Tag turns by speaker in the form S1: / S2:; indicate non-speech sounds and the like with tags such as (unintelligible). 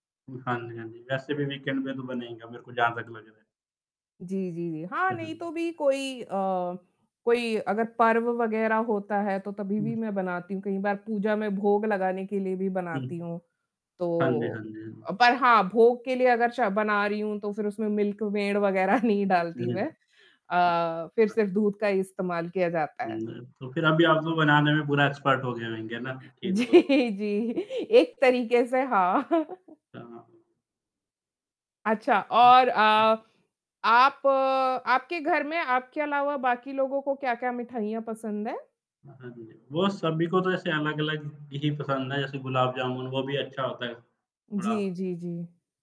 S1: उम, हाँ जी, हाँ जी। वैसे भी वीकेंड पे तो बनेगा मेरे को जहाँ तक लग रहा है।
S2: जी, जी, जी। हाँ, नहीं तो भी
S1: (unintelligible)
S2: कोई अ, कोई अगर पर्व वगैरह होता है तो तभी
S1: हुँ।
S2: भी मैं बनाती हूँ कई बार पूजा में भोग लगाने के लिए भी
S1: हुँ।
S2: बनाती हूँ।
S1: हाँ जी,
S2: तो
S1: हाँ जी, हाँ जी।
S2: पर हाँ भोग के लिए अगर च बना रही हूँ तो फिर उसमें मिल्क मेड़ वगैरह नहीं डालती मैं अ, फिर
S1: (unintelligible)
S2: सिर्फ दूध का ही इस्तेमाल किया जाता है।
S1: मैं तो फिर अभी आप लोग बनाने में पूरा एक्सपर्ट हो गए होंगे ना केक
S2: जी,
S1: को तो।
S2: जी, एक तरीके से हाँ।
S1: कहाँ?
S2: अच्छा और
S1: (unintelligible)
S2: अ, आप आपके घर में आपके अलावा बाकी लोगों को क्या-क्या मिठाइयाँ पसंद है?
S1: हाँ, हाँ जी, वो सभी को तो ऐसे अलग-अलग ही पसंद है जैसे गुलाब जामुन वो भी अच्छा होता है,
S2: जी,
S1: थोड़ा
S2: जी, जी।